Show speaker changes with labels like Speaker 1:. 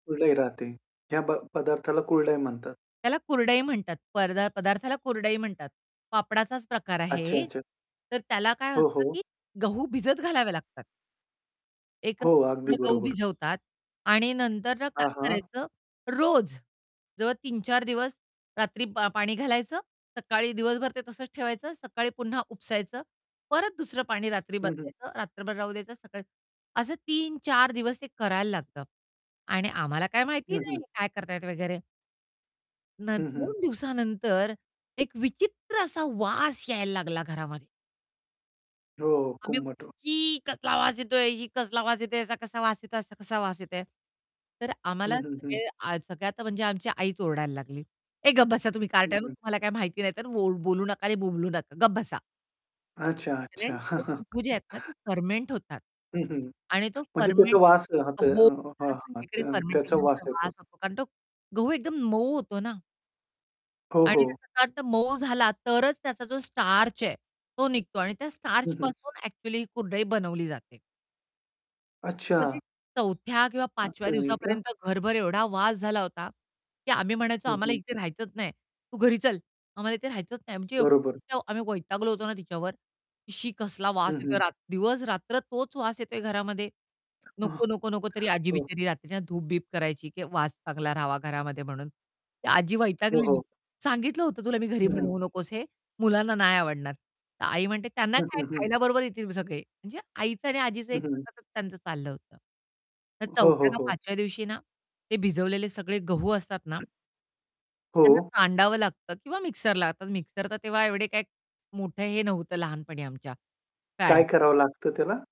Speaker 1: कुरडई राहते. ह्या ब पदार्थाला कुरडई म्हणतात.
Speaker 2: त्याला कुरडई म्हणतात परदा पदार्थाला कुरडई म्हणतात. पापडाचाच प्रकार
Speaker 1: अच्छा,
Speaker 2: आहे
Speaker 1: अच्छा.
Speaker 2: तर त्याला काय
Speaker 1: हो,
Speaker 2: असतं
Speaker 1: हो.
Speaker 2: की गहू भिजत घालावे लागतात. एक
Speaker 1: हो, अगदी
Speaker 2: रात्रभर गहू
Speaker 1: बरोबर.
Speaker 2: भिजवतात आणि नंतर ना
Speaker 1: हां,
Speaker 2: काय
Speaker 1: हां.
Speaker 2: करायचं रोज जवळ 3-4 दिवस रात्री पा पाणी घालायचं सकाळी दिवसभर ते तसंच ठेवायचं, सकाळी पुन्हा उपसायचं. परत दुसरं पाणी रात्री
Speaker 1: हं, हं.
Speaker 2: बदलायचं रात्रभर राहू द्यायचं सकाळी, असं 3-4 दिवस ते करायला लागतं आणि आम्हाला काय
Speaker 1: हं,
Speaker 2: माहिती
Speaker 1: हं.
Speaker 2: नाही काय करतायत वगैरे. नं
Speaker 1: हं, हं.
Speaker 2: दोन दिवसानंतर एक विचित्र असा वास यायला लागला घरामध्ये.
Speaker 1: हो, हो,
Speaker 2: आम्ही
Speaker 1: कुंबट
Speaker 2: म्हटलं
Speaker 1: व
Speaker 2: छी! कसला आवाज येतोय छी! कसला वास येतोय याचा, कसा वास येतोय? असा कसा वास येतोय? तर
Speaker 1: हं,
Speaker 2: आम्हाला
Speaker 1: हं, हं.
Speaker 2: सगळे अ, सगळे आता म्हणजे आमची आईच ओरडायला लागली, "ए गप बसा तुम्ही
Speaker 1: हं,
Speaker 2: कारट्यांनो
Speaker 1: हं.
Speaker 2: तुम्हाला काही माहिती नाही तर वो बोलू नका आणि बोंबलू नका, गप बसा."
Speaker 1: अच्छा,
Speaker 2: कारण
Speaker 1: अच्छा.
Speaker 2: ते गहू जे आहेत ना ते फर्मेंट होतात
Speaker 1: हं, हं.
Speaker 2: आणि तो
Speaker 1: म्हणजे त्याचा
Speaker 2: फर्मेंट
Speaker 1: वास हां ते अ,
Speaker 2: हो,
Speaker 1: हां,
Speaker 2: त्याला
Speaker 1: हां,
Speaker 2: सगळीकडे
Speaker 1: त्यां त्याचा वास
Speaker 2: फर्मेंटेशनचा
Speaker 1: येतो.
Speaker 2: वास होतो कारण तो गहू एकदम मऊ होतो ना.
Speaker 1: हो,
Speaker 2: आणि
Speaker 1: हो.
Speaker 2: त्याचा [unintelligible] मऊ झाला तरच त्याचा जो स्टार्च आहे तो निघतो आणि त्या
Speaker 1: हं, हं.
Speaker 2: स्टार्चपासून एक्चुअली ही कुरडई बनवली जाते.
Speaker 1: अच्छा.
Speaker 2: मग ते चौथ्या किंवा पाचव्या
Speaker 1: असं आहे का?
Speaker 2: दिवसापर्यंत घरभर एवढा वास झाला होता की आम्ही म्हणायचो,
Speaker 1: हं,
Speaker 2: "आम्हाला
Speaker 1: हं.
Speaker 2: इथे राहायचंच नाही, तू घरी चल, आम्हाला इथे राहायचंच नाही." म्हणजे
Speaker 1: बरोबर.
Speaker 2: एवढी [unintelligible] आम्ही वैतागलो होतो ना तिच्यावर, की "शी कसला वास
Speaker 1: हं,
Speaker 2: येतोय"
Speaker 1: हं.
Speaker 2: रा दिवस-रात्र तोच वास येतोय घरामध्ये. "नको, नको, नको." तरी आजी
Speaker 1: हो.
Speaker 2: बिचारी रात्रीच्या धूप-बीप करायची की वास चांगला राहावा घरामध्ये म्हणून. ती आजी
Speaker 1: हो,
Speaker 2: वैतागलेली,
Speaker 1: हो.
Speaker 2: "सांगितलं होतं तुला मी घरी
Speaker 1: हं, हं.
Speaker 2: बनवू नकोस हे मुलांना नाही आवडणार." तर आई म्हणते, "त्यांना
Speaker 1: हं,
Speaker 2: काय
Speaker 1: हं, हं.
Speaker 2: खायला बरोबर येतील सगळे." म्हणजे आईचं आणि आजीचं
Speaker 1: हं,
Speaker 2: एक
Speaker 1: हं, हं.
Speaker 2: सततच त्यांचं चाललं होतं. तर
Speaker 1: हो, हो,
Speaker 2: चौथ्या का
Speaker 1: हो.
Speaker 2: पाचव्या दिवशी ना ते भिजवलेले सगळे गहू असतात ना त्यांना
Speaker 1: हो.
Speaker 2: कांडावं लागतं किंवा मिक्सरला. आता मिक्सर तर तेव्हा एवढे काही मोठं हे नव्हतं लहानपणी आमच्या
Speaker 1: काय
Speaker 2: फॅड
Speaker 1: करावं लागतं त्याला?